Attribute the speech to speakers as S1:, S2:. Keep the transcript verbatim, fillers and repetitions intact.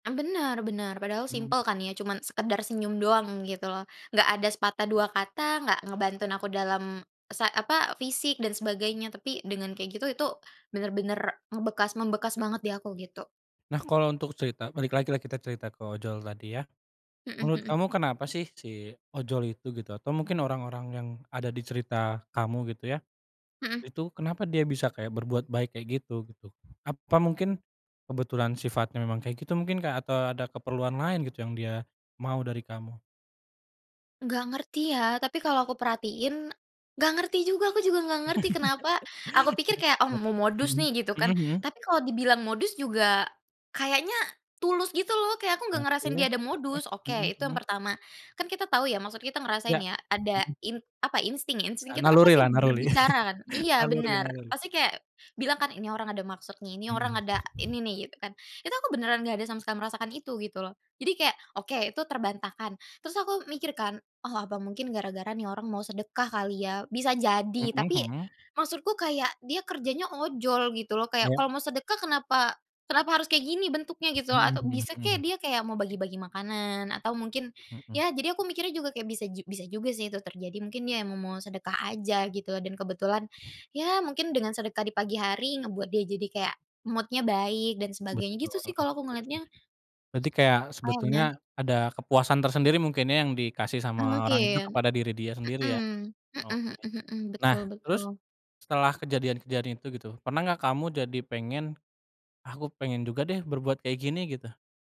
S1: Mmm, bener bener, padahal
S2: Mmm.
S1: simpel kan ya cuman sekedar senyum doang gitu loh, nggak ada sepatah dua kata, nggak ngebantuin aku dalam, sa apa, fisik dan sebagainya, tapi dengan kayak gitu itu bener-bener ngebekas membekas banget di aku gitu.
S2: Nah kalau untuk cerita, balik lagi lah kita cerita ke ojol tadi ya,
S1: Hmm
S2: menurut
S1: hmm.
S2: kamu kenapa sih si ojol itu gitu? Atau mungkin orang-orang yang ada di cerita kamu gitu ya,
S1: Hmm.
S2: itu kenapa dia bisa kayak berbuat baik kayak gitu, gitu? Apa mungkin kebetulan sifatnya memang kayak gitu mungkin kek atau ada keperluan lain gitu yang dia mau dari kamu?
S1: Nggak ngerti ya, tapi kalau aku perhatiin nggak ngerti juga, aku juga nggak ngerti kenapa aku pikir kayak, oh mau
S2: [unintelligible]
S1: modus
S2: Hmm,
S1: nih gitu
S2: hmm
S1: kan,
S2: hmm.
S1: tapi kalau dibilang modus juga, kayaknya tulus gitu loh, kayak aku nggak ngerasain
S2: Oke
S1: dia ada
S2: oke,
S1: modus, oke
S2: hmm
S1: itu yang
S2: hmm.
S1: pertama, kan kita tahu ya maksud kita ngerasain
S2: Ya,
S1: ya ada
S2: hmm.
S1: in apa, insting, insting
S2: Eee,
S1: kita kan
S2: naluri
S1: pasti
S2: lah, naruli.
S1: berbicara kan. Iya
S2: Naluri
S1: benar,
S2: naluri.
S1: pasti kayak bilang kan ini orang ada maksud nih, ini orang
S2: Hmm.
S1: ada ini nih gitu kan, itu aku beneran gak ada sama sekali merasakan itu gitu loh, jadi kayak, oke itu terbantahkan, terus aku mikir kan, oh apa mungkin gara-gara nih orang mau sedekah kali ya, bisa jadi,
S2: Hmm
S1: tapi
S2: hmm.
S1: maksudku kayak dia kerjanya ojol gitu loh, kayak
S2: Ya.
S1: kalau mau sedekah kenapa kenapa harus kayak gini bentuknya gitu,
S2: Hmm
S1: atau
S2: hmm
S1: bisa
S2: hmm.
S1: kek dia kayak mau bagi-bagi makanan atau mungkin,
S2: Hmm.
S1: ya jadi aku mikirnya juga kayak bisa ju bisa juga sih itu terjadi, mungkin ya mau sedekah aja gitu, dan kebetulan, ya mungkin dengan sedekah di pagi hari, ngebuat dia jadi kayak mood-nya baik dan sebagainya,
S2: Betul.
S1: gitu sih
S2: [unintelligible]
S1: kalau aku ngelihatnya.
S2: Berarti kayak sebetulnya
S1: Kayaknya.
S2: ada kepuasan tersendiri mungkin ya yang dikasih
S1: Mmm,
S2: sama orang itu
S1: mungkin.
S2: kepada diri dia sendiri ya,
S1: Mmm. Mhm
S2: oke.
S1: mhm mhm.
S2: Nah
S1: Betul
S2: terus
S1: betul
S2: setelah kejadian-kejadian itu gitu, pernah gak kamu jadi pengen, ah aku pengen juga deh berbuat kayak gini, gitu?